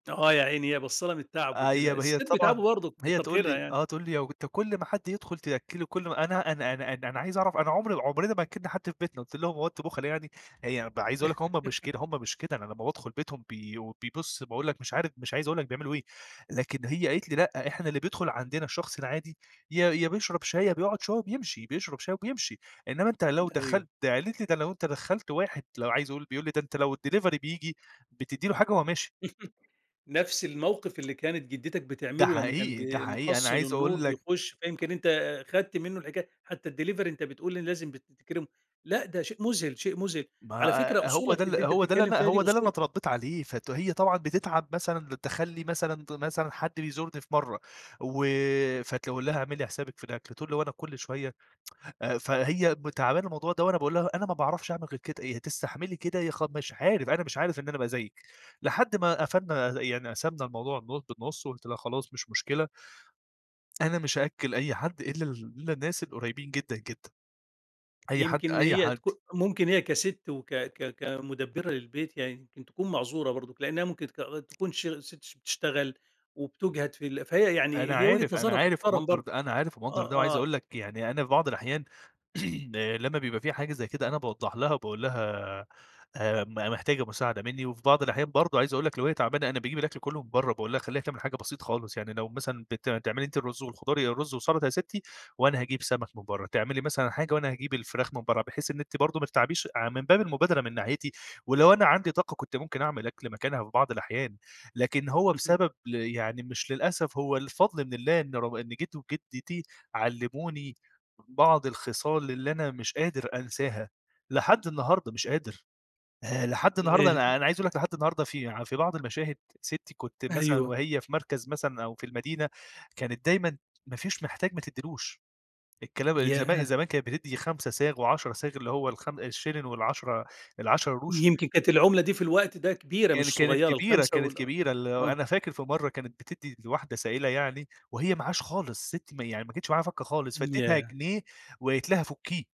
آه، يا عيني هي باصة لها من التعب أي وكده. هي الستات طبعًا بيتعبوا برضه هي كتر تقول خيرها لي يعني. آه، تقول لي: "لو أنت كل ما حد يدخل تأكله كل م أنا أنا أنا أنا أنا عايز أعرف، أنا عمري عمرنا ما أكلنا حد في بيتنا." قلت لهم: "هو أنتم بُخلا يعني؟" هي عايز أقول لك هُم مش كده هُم مش كده، أنا لمّا بادخل بيتهم بي بيبُص باقول لك مش عارف مش عايز أقول لك بيعملوا إيه، لكن هي قالت لي: لأ، إحنا اللي بيدخل عندنا الشخص العادي، يا يا بيشرب شاي، يا بيقعد شوية وبيمشي. بيشرب شاي وبيمشي، إنما أنت لو أيوه. دخلت "قالت لي: "ده لو أنت دخلت واحد "لو عايز أقول بيقول لي: "ده أنت لو الديليفري بييجي بتدّي له حاجة وهو ماشي." نفس الموقف اللي كانت جدتك ده بتعمله لمّا كان حقيقي، ده بي حقيقي. أنا محصل عايز النور أقول لك بيخش، فيمكن أنت خدت منه الحكاي حتى الديليفري أنت بتقول لازم بتكرمه. لأ، ده شيء مذهل، شيء مذهل. ما على فكرة ه هو ده أصولك ال اللي أنت هو ده بتتكلم اللي فيها دي هو ده اللي أنا أصول اتربيت عليه، فت هي طبعًا بتتعب مثلًا، بتدخل لي مثلًا مثلًا حد بيزورني في مرة و فتقول لها: "اعملي حسابِك في الأكل." تقول لي: "هو أنا كل شوية." آآ فهي م تعبانة من الموضوع ده وأنا باقول لها أنا ما باعرفش أعمل غير كده، يا تستحملي كده يا خ مش عارف، أنا مش عارف إن أنا أبقى زيِك. لحد ما قفلنا يعني قسمنا الموضوع النُ بالنُص وقلت لها: "خلاص مش مشكلة." أنا مش هأكل أي حد إلا ال إلا الناس القريبين جدًا جدًا. أي حد يمكن أي هي حد. تكو ممكن هي كست وك ك كمدبرة للبيت يعني يمكن تكون معذورة برضه، لأنها ممكن تك آآ تكون شغ ست ش بتشتغل، وبتجهد في ال فهي أنا يعني هي وجهة عارف، أنا نظرها عارف تحترم ومقدر برضه. ده، أنا عارف ومقدر آه ده، وعايز آه. أقول لك يعني أنا في بعض الأحيان لمّا بيبقى في حاجة زي كده، أنا باوضح لها وباقول لها: "آآ، م محتاجة مساعدة مني؟" وفي بعض الأحيان برضه عايز أقول لك لو هي تعبانة أنا باجيب الأكل كله من برّا. وباقول لها اخليها حاجة بسيط خالص. يعني لو مثلًا بت بتعملي أنتِ الرز والخضار، يا الرز وسلطة يا ستي وأنا هاجيب سمك من برّا. تعملي مثلًا حاجة وأنا هاجيب الفراخ من برّا، بحيث إن أنتِ برضه ما تتعبيش، ع من باب المبادرة من ناحيتي ولو أنا عندي طاقة كنت ممكن أعمل أكل مكانها في بعض الأحيان. لكن هو اهم. بسبب ال يعني مش للأسف هو الفضل من الله إن رغ إن جد وجدتي علموني بعض الخصال اللي أنا مش قادر أنساها، لحد النهارده مش قادر. آآ، لحد النهارده ال أنا أنا عايز أقول لك لحد النهارده في في بعض المشاهد ستي كنت مثلًا أيوه. وهي في مركز مثلًا أو في المدينة، كانت دايمًا ما فيش محتاج ما تديلوش. الكلام زما ياه! زمان كانت بتدي 5 صاغ و10 صاغ اللي هو الخم الشلن، والعَشرة ال10 قروش. يمكن كانت العملة دي في الوقت ده كبيرة كان مش كانت صغيرة كبيرة، ال5 كانت وال أ كبيرة ال آه. أنا فاكر في مرة كانت بتدي لواحدة سائلة يعني، وهي معهاش خالص. ستي م يعني ما كانتش معاها فكة خالص، فاديتها ياه! جنيه وقالت لها فكيه.